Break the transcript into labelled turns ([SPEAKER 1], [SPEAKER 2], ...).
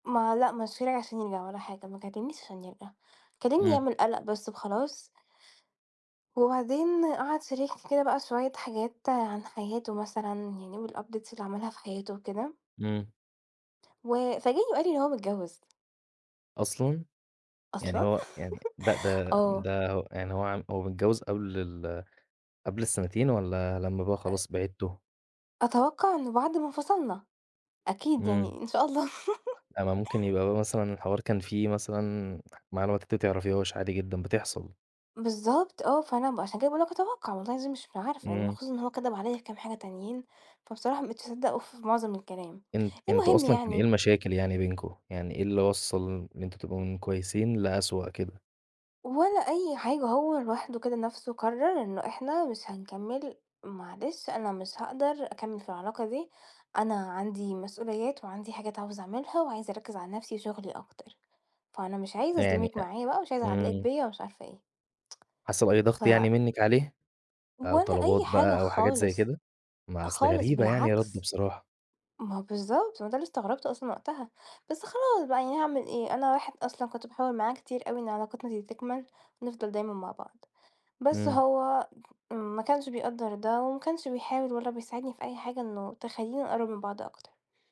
[SPEAKER 1] ما لأ، مشاني عشان يرجع ولا حاجة، ما كلمنيش عشان يرجع، كلمني
[SPEAKER 2] إمم.
[SPEAKER 1] يعمل قلق بس وخلاص. وبعدين قعد شاركني كده بقى شوية حاجات عن حياته مثلًا، يعني والupdates اللي عملها في حياته وكده.
[SPEAKER 2] امم.
[SPEAKER 1] و فاجئني وقال لي إن هو متجوز.
[SPEAKER 2] أصلًا؟! يعني
[SPEAKER 1] أصلًا،
[SPEAKER 2] هو يعني ده ده
[SPEAKER 1] آه.
[SPEAKER 2] ده هو يعني هو ع هو متجوز قبل ال قبل السنتين والّا لمّا بقى
[SPEAKER 1] أ
[SPEAKER 2] خلاص بعدتوا؟
[SPEAKER 1] أتوقع إنه بعد ما انفصلنا، أكيد
[SPEAKER 2] إمم.
[SPEAKER 1] يعني إن شاء الله.
[SPEAKER 2] آآ، ما ممكن يبقى مثلًا الحوار كان في مثلًا معلومات أنتِ ما تعرفيهاش، عادي جدًا، بتحصل.
[SPEAKER 1] بالضبط، آه، فأنا ب عشان كده باقول لك أتوقع والله العظيم مش عارفة يعني
[SPEAKER 2] إمم.
[SPEAKER 1] خصوصًا إن هو كدب عليَّ في كام حاجة تانيين، فبصراحة ما بقيتش أصدقه في معظم الكلام.
[SPEAKER 2] أنت أنتم
[SPEAKER 1] المهم
[SPEAKER 2] أصلًا كان إيه
[SPEAKER 1] يعني
[SPEAKER 2] المشاكل يعني بينكم؟ يعني إيه اللي وصَّل إن أنتم تبقوا من كويسين لأسوأ كده؟
[SPEAKER 1] ولا أي حاجة، هو لوحده كده نفسه قرر إنه إحنا مش هنكمل، "معلش أنا مش هاقدر أكمل في العلاقة دي، أنا عندي مسؤوليات وعندي حاجات عاوز أعملها وعايز أركِّز على نفسي، شغلي أكتر. فأنا مش عايزة
[SPEAKER 2] يعني
[SPEAKER 1] أظلمِك
[SPEAKER 2] أ
[SPEAKER 1] معايا بقى، مش عايز أعلقِك
[SPEAKER 2] امم.
[SPEAKER 1] بيَّ، ومش عارفة إيه."
[SPEAKER 2] حاسة بأي
[SPEAKER 1] ف
[SPEAKER 2] ضغط يعني منِك عليه، أو
[SPEAKER 1] ولا
[SPEAKER 2] طلبات
[SPEAKER 1] أي حاجة
[SPEAKER 2] بقى أو حاجات زي
[SPEAKER 1] خالص،
[SPEAKER 2] كده؟ ما أصل
[SPEAKER 1] خالص،
[SPEAKER 2] غريبة يعني
[SPEAKER 1] بالعكس.
[SPEAKER 2] رده بصراحة.
[SPEAKER 1] ما هو بالضبط، ما ده اللي استغربته أصلًا وقتها، بس خلاص بقى، يعني هاعمل إيه؟ أنا واحد أصلًا كنت باحاول معاه كتير أوي إن علاقتنا دي تكمل ونفضل دايمًا مع بعض، بس
[SPEAKER 2] إمم.
[SPEAKER 1] هو م ما كانش بيقدَّر ده وما كانش بيحاول ولا بيساعدني في أي حاجة إنه تخلّينا نقرب من بعض أكتر.